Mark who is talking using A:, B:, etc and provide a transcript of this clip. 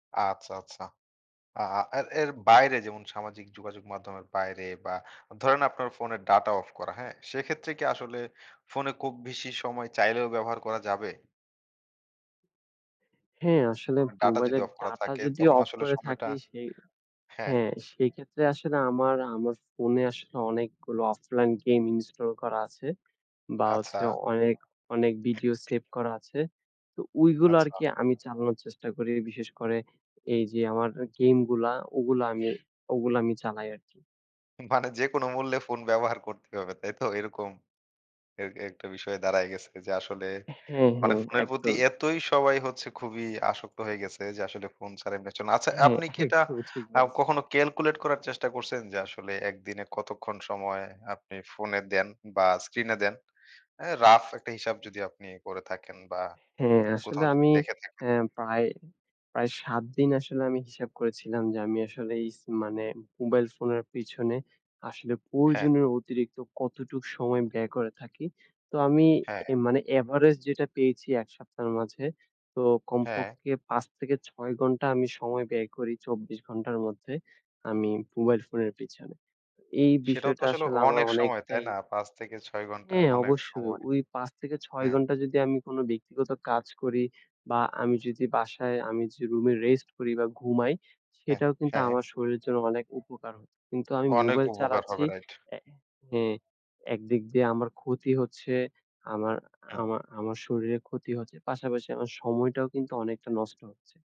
A: আচ্ছা, আচ্ছা। আ এ এর বাইরে যেমন সামাজিক যোগাযোগ মাধ্যমের বাইরে বা ধরেন আপনার ফোনের ডাটা অফ করা। হ্যাঁ? সেক্ষেত্রে কি আসলে ফোনে খুব বেশি সময় চাইলেও ব্যবহার করা যাবে?
B: হ্যাঁ, আসলে
A: মানে ডাটা যদি
B: মোবাইলের
A: অফ করা
B: ডাটা
A: থাকে
B: যদি
A: তখন
B: অফ
A: আসলে
B: করে
A: সময়টা
B: থাকি সেই
A: হ্যাঁ।
B: হ্যাঁ, সেই ক্ষেত্রে আসলে আমার আমার ফোনে আসলে অনেকগুলো অফলাইন গেম ইনস্টল করা আছে। বা
A: আচ্ছা।
B: হচ্ছে অনেক, অনেক ভিডিও সেভ করা আছে। তো ওইগুলো
A: আচ্ছা।
B: আরকি আমি চালানোর চেষ্টা করি বিশেষ করে এইযে, আমার গেম গুলা, ওগুলা আমি ওগুলো আমি চালাই আরকি।
A: মানে যেকোন মূল্যে ফোন ব্যবহার করতে হবে তাই তো? এরকম এ একটা বিষয়ে দাঁড়ায় গেছে যে আসলে
B: হ্যাঁ,
A: মানে
B: হ্যাঁ,
A: ফোনের প্রতি
B: একদম।
A: এতই সবাই হচ্ছে খুবই আসক্ত হয়ে গেছে যে আসলে ফোন ছাড়া। [unintelligible] আচ্ছা
B: হ্যাঁ,
A: আপনি কি এটা
B: একদমই ঠিক
A: আ
B: বলেছেন।
A: কখনো ক্যালকুলেট করার চেষ্টা করছেন যে, আসলে ১ দিনে কতক্ষণ সময় আপনি ফোনে দেন বা স্ক্রিনে দেন? আ রাফ একটা হিসাব যদি আপনি করে থাকেন বা
B: হ্যাঁ, আসলে
A: কোথাও য
B: আমি
A: দেখে থাকেন?
B: আ প্রায়, প্রায় ৭ দিন আসলে আমি হিসাব করেছিলাম যে, আমি আসলে এই স মানে মোবাইল ফোনের পেছনে আসলে
A: হ্যাঁ।
B: প্রয়োজনের অতিরিক্ত কতটুকু সময় ব্যয় করে থাকি। তো আমি
A: হ্যাঁ।
B: এ মানে এভারেজ যেটা পেয়েছি ১ সপ্তাহের মাঝে তো
A: হ্যাঁ।
B: কমপক্ষে ৫ থেকে ৬ ঘণ্টা আমি সময় ব্যয় করি, ২৪ ঘণ্টার মধ্যে আমি মোবাইল ফোনের পেছনে। এই
A: সেটাও তো
B: বিষয়টা
A: আসলে
B: আসলে আমার
A: অনেক সময় তাই
B: অনেকটাই
A: না? ৫ থেকে ৬ ঘণ্টা,
B: হ্যাঁ,
A: অনেক
B: অবশ্যই
A: সময়।
B: ওই ৫ থেকে ৬
A: হ্যাঁ।
B: ঘণ্টা যদি আমি কোনো ব্যক্তিগত কাজ করি বা আমি যদি বাসায় আমি যে রুমে রেস্ট করি বা ঘুমাই
A: হ্যাঁ,
B: সেটাও কিন্তু
A: হ্যাঁ।
B: আমার শরীরের জন্য অনেক উপকার হচ্ছে। কিন্তু আমি
A: অনেক
B: মোবাইল
A: উপকার
B: চালাচ্ছি
A: হবে রাইট।
B: এ হ্যাঁ। একদিক দিয়ে আমার ক্ষতি হচ্ছে, আমার
A: হু।
B: আমার আমার শরীরের ক্ষতি হচ্ছে। পাশাপাশি আমার সময়টাও কিন্তু অনেকটা নষ্ট হচ্ছে।